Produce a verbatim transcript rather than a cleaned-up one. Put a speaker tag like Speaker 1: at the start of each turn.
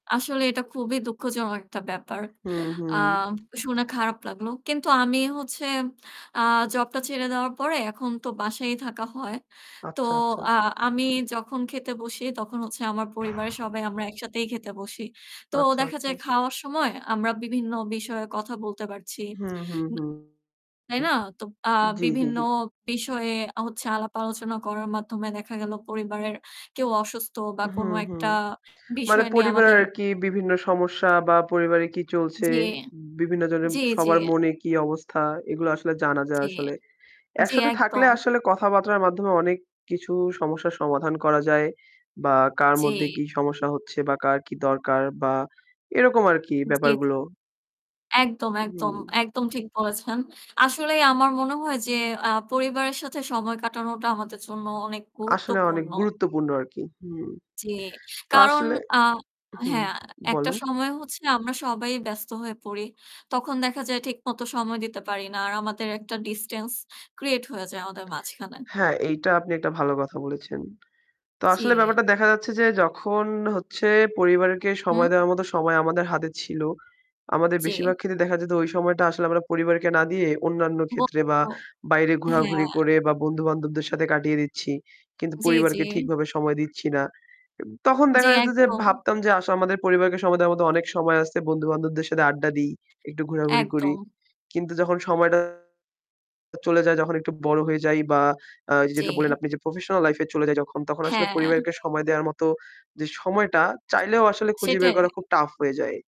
Speaker 1: আসলে এটা খুবই দুঃখজন একটা ব্যাপার।
Speaker 2: হুম,
Speaker 1: আ
Speaker 2: হুম।
Speaker 1: শুনে খারাপ লাগলো। কিন্তু আমি হচ্ছে, আ জবটা ছেড়ে দেওয়ার পরে এখন তো বাসায়ই থাকা হয়। তো
Speaker 2: আচ্ছা, আচ্ছা।
Speaker 1: আ আমি যখন খেতে বসি তখন হচ্ছে আমার পরিবারের সবাই আমরা একসাথেই খেতে বসি। তো
Speaker 2: আচ্ছা,
Speaker 1: দেখা
Speaker 2: আচ্ছা।
Speaker 1: যায় খাওয়ার সময় আমরা বিভিন্ন বিষয়ে কথা বলতে পারছি।
Speaker 2: হুম, হুম,
Speaker 1: উম
Speaker 2: হুম
Speaker 1: তাই না? তো আ
Speaker 2: জি, জি,
Speaker 1: বিভিন্ন
Speaker 2: জি।
Speaker 1: বিষয়ে আ হচ্ছে আলাপ-আলোচনা করার মাধ্যমে দেখা গেল পরিবারের কেউ অসুস্থ বা কোনো
Speaker 2: হুম, হুম।
Speaker 1: একটা
Speaker 2: মানে
Speaker 1: বিষয় নিয়ে
Speaker 2: পরিবার
Speaker 1: আমাদের
Speaker 2: আর কি বিভিন্ন সমস্যা বা পরিবারে কি চলছে,
Speaker 1: জি,
Speaker 2: উম বিভিন্ন জনের
Speaker 1: জি, জি।
Speaker 2: সবার মনে কি অবস্থা, এগুলো আসলে জানা যায়
Speaker 1: জি,
Speaker 2: আসলে।
Speaker 1: জি,
Speaker 2: একসাথে থাকলে
Speaker 1: একদম।
Speaker 2: আসলে কথাবার্তার মাধ্যমে অনেক কিছু সমস্যার সমাধান করা যায় বা কার মধ্যে
Speaker 1: জি।
Speaker 2: কি সমস্যা হচ্ছে বা কার কি দরকার বা এরকম আর কি
Speaker 1: জি, জি।
Speaker 2: ব্যাপারগুলো।
Speaker 1: একদম, একদম,
Speaker 2: হুম।
Speaker 1: একদম, ঠিক বলেছেন। আসলেই আমার মনে হয় যে আ পরিবারের সাথে সময় কাটানোটা আমাদের জন্য অনেক
Speaker 2: আসলে অনেক
Speaker 1: গুরুত্বপূর্ণ।
Speaker 2: গুরুত্বপূর্ণ আর কি। হুম।
Speaker 1: জি।
Speaker 2: তো
Speaker 1: কারণ,
Speaker 2: আসলে
Speaker 1: আ
Speaker 2: হুম,
Speaker 1: হ্যাঁ, আ একটা
Speaker 2: বলুন।
Speaker 1: সময় হচ্ছে আমরা সবাই ব্যস্ত হয়ে পড়ি। তখন দেখা যায় ঠিকমতো সময় দিতে পারি না, আর আমাদের একটা distance create হয়ে যায় আমাদের মাঝখানে।
Speaker 2: হ্যাঁ, এইটা আপনি একটা ভালো কথা বলেছেন। তো আসলে
Speaker 1: জি।
Speaker 2: ব্যাপারটা দেখা যাচ্ছে যে যখন হচ্ছে, পরিবারকে সময়
Speaker 1: উম
Speaker 2: দেওয়ার মতো সময় আমাদের হাতে ছিল, আমাদের
Speaker 1: জি।
Speaker 2: বেশিরভাগ ক্ষেত্রে দেখা যেত ওই সময়টা আসলে আমরা পরিবারকে না দিয়ে অন্যান্য ক্ষেত্রে বা
Speaker 1: বলবো
Speaker 2: বাইরে ঘোরাঘুরি
Speaker 1: হ্যাঁ।
Speaker 2: করে বা বন্ধু-বান্ধবদের সাথে কাটিয়ে দিচ্ছি। কিন্তু
Speaker 1: জি, জি।
Speaker 2: পরিবারকে ঠিকভাবে সময় দিচ্ছি না। এব তখন
Speaker 1: জি,
Speaker 2: দেখা যেত যে
Speaker 1: একদম।
Speaker 2: ভাবতাম যে আস আমাদের পরিবারকে সময়ের মধ্যে অনেক সময় আছে, বন্ধু-বান্ধবদের সাথে আড্ডা দিই, একটু ঘোরাঘুরি করি।
Speaker 1: একদম।
Speaker 2: কিন্তু যখন সময়টা চলে যায়, যখন একটু বড় হয়ে যাই বা আ এই যে যেটা বলেন
Speaker 1: জি।
Speaker 2: আপনি যে professional life-এ চলে যাই তখন, তখন আসলে
Speaker 1: হ্যাঁ।
Speaker 2: পরিবারকে সময় দেওয়ার মতো যে সময়টা, চাইলেও আসলে খুঁজে বের করা
Speaker 1: সেটাই।
Speaker 2: খুব টাফ হয়ে যায়।